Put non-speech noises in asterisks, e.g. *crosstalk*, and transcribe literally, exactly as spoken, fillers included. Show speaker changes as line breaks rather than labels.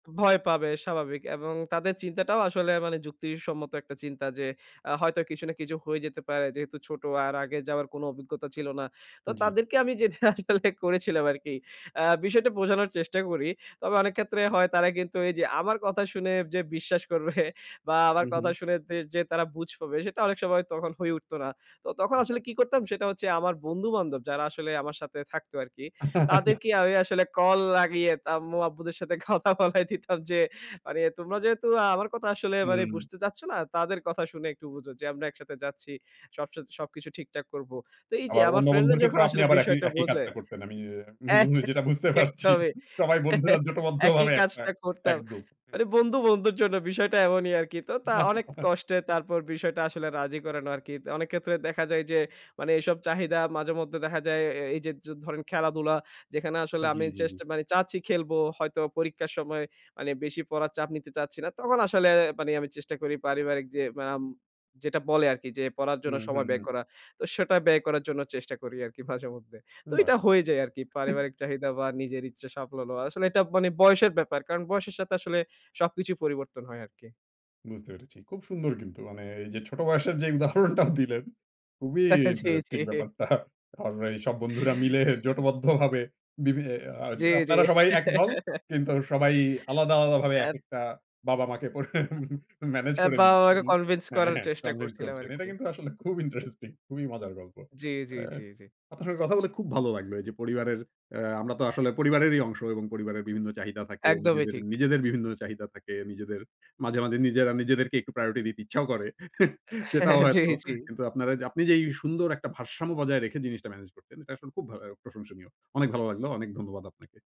ভয় পাবে স্বাভাবিক, এবং তাদের চিন্তাটাও আসলে মানে যুক্তি সম্মত একটা চিন্তা যে, আ হয়তো কিছু না কিছু হয়ে যেতে পারে যেহেতু ছোট আর আগে যাওয়ার কোন অভিজ্ঞতা ছিল না। তো,
জি।
তাদেরকে আমি যেটা আসলে করেছিলাম আরকি। আ বিষয়টা বোঝানোর চেষ্টা করি। তবে অনেক ক্ষেত্রে হয় তারা কিন্তু এই যে, আমার কথা শুনে যে, বিশ্বাস করবে বা আমার
হু,
কথা
হু।
শুনে যে তারা বুঝ পাবে সেটা অনেক সময় তখন হয়ে উঠত না। তো তখন আসলে কি করতাম সেটা হচ্ছে আমার বন্ধু বান্ধব যারা আসলে আমার সাথে থাকতো আরকি।
*laughs*
তাদেরকে আমি আসলে কল লাগিয়ে আম্মু আব্বুদের সাথে কথা বলায় দিতাম যে মানে তোমরা যেহেতু আমার কথা আসলে
হুম।
বুঝতে চাচ্ছ না, তাদের কথা শুনে একটু বুঝো যে আমরা একসাথে যাচ্ছি। সব স সবকিছু ঠিকঠাক করব। তো এই যে
আবার
আমার
অন্য
ফ্রেন্ড রা
বন্ধুর
যখন
ক্ষেত্রেও আপনি,
আসলে
আবার একই
বিষয়টা
একই
বোঝে
কাজটা করতেন। আমি,
অ্যা হবে।
যেটা বুঝতে পারছি সবাই বন্ধুরা
*laughs* একদমই একই
জোটবদ্ধভাবে একটা
কাজটা
এক
করতাম।
গ্রুপ।
মানে বন্ধু বন্ধুর জন্য বিষয়টা এমনই আরকি। তো, তা অনেক কষ্টে তারপর
*chuckles*
বিষয়টা আসলে রাজি করানো আরকি। অনেক ক্ষেত্রে দেখা যায় যে, মানে এসব চাহিদা মাঝেমধ্যে দেখা যায়। এই যে, ধরেন খেলাধুলা, যেখানে আসলে
জি,
আমি
জি,
চেষ্ট
জি।
মানে চাচ্ছি খেলবো। হয়তো পরীক্ষার সময় মানে বেশি পড়ার চাপ নিতে চাচ্ছি না। তখন আসলে মানে আমি চেষ্টা করি পারিবারিক যে আম যেটা বলে আরকি, যে পড়ার জন্য
হুম, হুম,
সময় ব্যয়
হুম।
করা। তো সেটা ব্যয় করার জন্য চেষ্টা করি আরকি মাঝে মধ্যে। তো
বাহ!
এটা হয়ে যায় আরকি।
*chuckles*
পারিবারিক চাহিদা বা নিজের ইচ্ছা সফল হওয়া। আসলে এটা মানে বয়সের ব্যাপার। কারণ বয়সের সাথে আসলে সবকিছুই পরিবর্তন হয় আরকি।
বুঝতে পেরেছি। খুব সুন্দর কিন্তু মানে এই যে ছোট বয়সের যে উদাহরণটাও দিলেন খুবই
*laughs* জি, জি।
ইন্টারেস্টিং ব্যাপারটা। কারণ এই সব বন্ধুরা মিলে জোটবদ্ধভাবে বিভি আ
জি, জি।
আপনারা সবাই একদল
*laughs*
কিন্তু সবাই আলাদা, আলাদা ভাবে এক
ধ্যাত।
একটা বাবা মাকে। *chuckles* মেনেজ করে
বাবা মারে,
দিচ্ছেন।
কনভিন্স
হ্যাঁ,
করার
হ্যাঁ
চেষ্টা
convince
করছিলাম
করছেন। এটা
আরকি।
কিন্তু আসলে খুব ইন্টারেস্টিং খুবই মজার গল্প।
জি, জি,
আ
জি, জি।
আপনার সাথে কথা বলে খুব ভালো লাগলো। এই যে, পরিবারের আ আমরা তো আসলে পরিবারেরই অংশ এবং পরিবারের বিভিন্ন চাহিদা থাকে।
একদমই, ঠিক। *clicks tongue*
নিজেদের বিভিন্ন চাহিদা থাকে। নিজেদের মাঝে মাঝে নিজেদেরকে একটু প্রায়োরিটি দিতে ইচ্ছাও করে, *chuckles* সেটাও
*chuckles* জি,
হয়তো।
জি।
কিন্তু আপনি যে এই সুন্দর একটা ভারসাম্য বজায় রেখে জিনিসটা ম্যানেজ করতেন, এটা আসলে খুব ভা প্রশংসনীয়। অনেক ভালো লাগলো। অনেক ধন্যবাদ আপনাকে।